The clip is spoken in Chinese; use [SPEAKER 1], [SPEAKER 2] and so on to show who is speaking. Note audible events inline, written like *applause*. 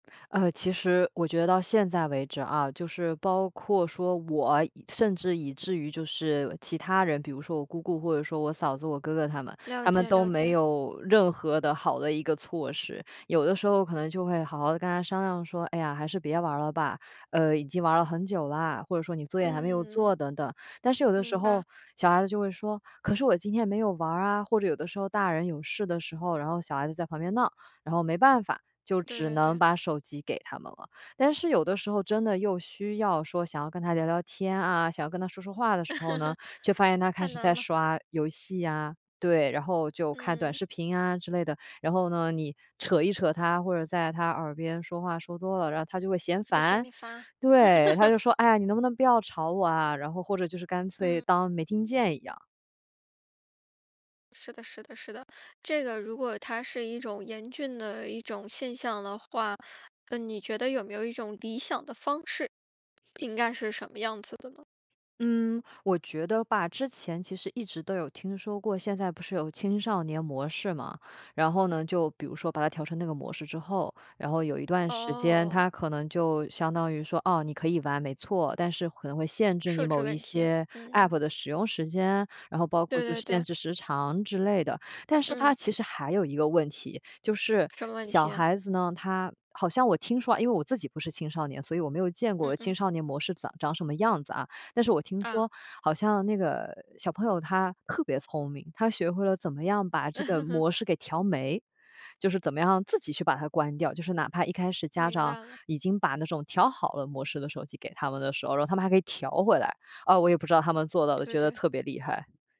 [SPEAKER 1] 呃，其实我觉得到现在为止啊，就是包括说我，甚至以至于就是其他人，比如说我姑姑或者说我嫂子，我哥哥他们。
[SPEAKER 2] 了
[SPEAKER 1] 他们
[SPEAKER 2] 解
[SPEAKER 1] 都
[SPEAKER 2] 了
[SPEAKER 1] 没
[SPEAKER 2] 解。
[SPEAKER 1] 有任何的好的一个措施。有的时候可能就会好好的跟他商量说，哎呀，还是别玩了吧。呃，已经玩了很久啦，或者说你作业还没有
[SPEAKER 2] 嗯。
[SPEAKER 1] 做等等。但是有的时
[SPEAKER 2] 明白。
[SPEAKER 1] 候小孩子就会说，“可是我今天没有玩啊”，或者有的时候大人有事的时候，然后小孩子在旁边闹。然后没办法，就
[SPEAKER 2] 对
[SPEAKER 1] 只
[SPEAKER 2] 对
[SPEAKER 1] 能
[SPEAKER 2] 对。
[SPEAKER 1] 把手机给他们了。但是有的时候真的又需要说想要跟他聊聊天啊，想跟他说说话的时候呢，
[SPEAKER 2] *laughs*
[SPEAKER 1] 却发现他开
[SPEAKER 2] 太
[SPEAKER 1] 始
[SPEAKER 2] 难
[SPEAKER 1] 在
[SPEAKER 2] 了。
[SPEAKER 1] 刷游戏呀，对。然后就看短
[SPEAKER 2] 嗯。
[SPEAKER 1] 视频啊之类的。然后呢，你扯一扯他，或者在他耳边说话说多了，然后他就会嫌
[SPEAKER 2] 他嫌
[SPEAKER 1] 烦。
[SPEAKER 2] 你烦。
[SPEAKER 1] 对，他
[SPEAKER 2] *laughs*
[SPEAKER 1] 就说，哎呀，你能不能不要吵我啊，然后或者就是干脆
[SPEAKER 2] 嗯。
[SPEAKER 1] 当没听见一样。
[SPEAKER 2] 是的是的是的。这个如果它是一种严峻的一种现象的话，那你觉得有没有一种理想的方式？应该是什么样子的呢？
[SPEAKER 1] 嗯，我觉得吧，之前其实一直都有听说过，现在不是有青少年模式吗？然后呢就比如说把它调成那个模式之后，然后有一段时间
[SPEAKER 2] 哦。
[SPEAKER 1] 它可能就相当于说，哦，你可以玩没错，但是可能会限制你
[SPEAKER 2] 设置
[SPEAKER 1] 某一
[SPEAKER 2] 问题。
[SPEAKER 1] 些
[SPEAKER 2] 嗯。
[SPEAKER 1] APP 的使用时间。然后包括
[SPEAKER 2] 对
[SPEAKER 1] 就
[SPEAKER 2] 对
[SPEAKER 1] 是
[SPEAKER 2] 对。
[SPEAKER 1] 限制时长，之类的。但是它
[SPEAKER 2] 嗯。
[SPEAKER 1] 其实还有一个问题。就是
[SPEAKER 2] 什么问
[SPEAKER 1] 小
[SPEAKER 2] 题啊？
[SPEAKER 1] 孩子呢，它好像我听说，因为我自己不是青少年，所以我没有见
[SPEAKER 2] 嗯
[SPEAKER 1] 过青
[SPEAKER 2] 嗯。
[SPEAKER 1] 少年模式长长什么样子啊。但是我听
[SPEAKER 2] 啊。
[SPEAKER 1] 说好像那个小朋友他特别聪明，他学会了怎么样把这个
[SPEAKER 2] *laughs*
[SPEAKER 1] 模式给调没。就是怎么样自己去把它关掉。就是哪怕一开始家
[SPEAKER 2] 明
[SPEAKER 1] 长
[SPEAKER 2] 白了。
[SPEAKER 1] 已经把那种调好了模式的手机给他们的时候，然后他们还可以调回来。呃，我也不知道他们做到的，
[SPEAKER 2] 对
[SPEAKER 1] 觉得
[SPEAKER 2] 对。
[SPEAKER 1] 特别厉害。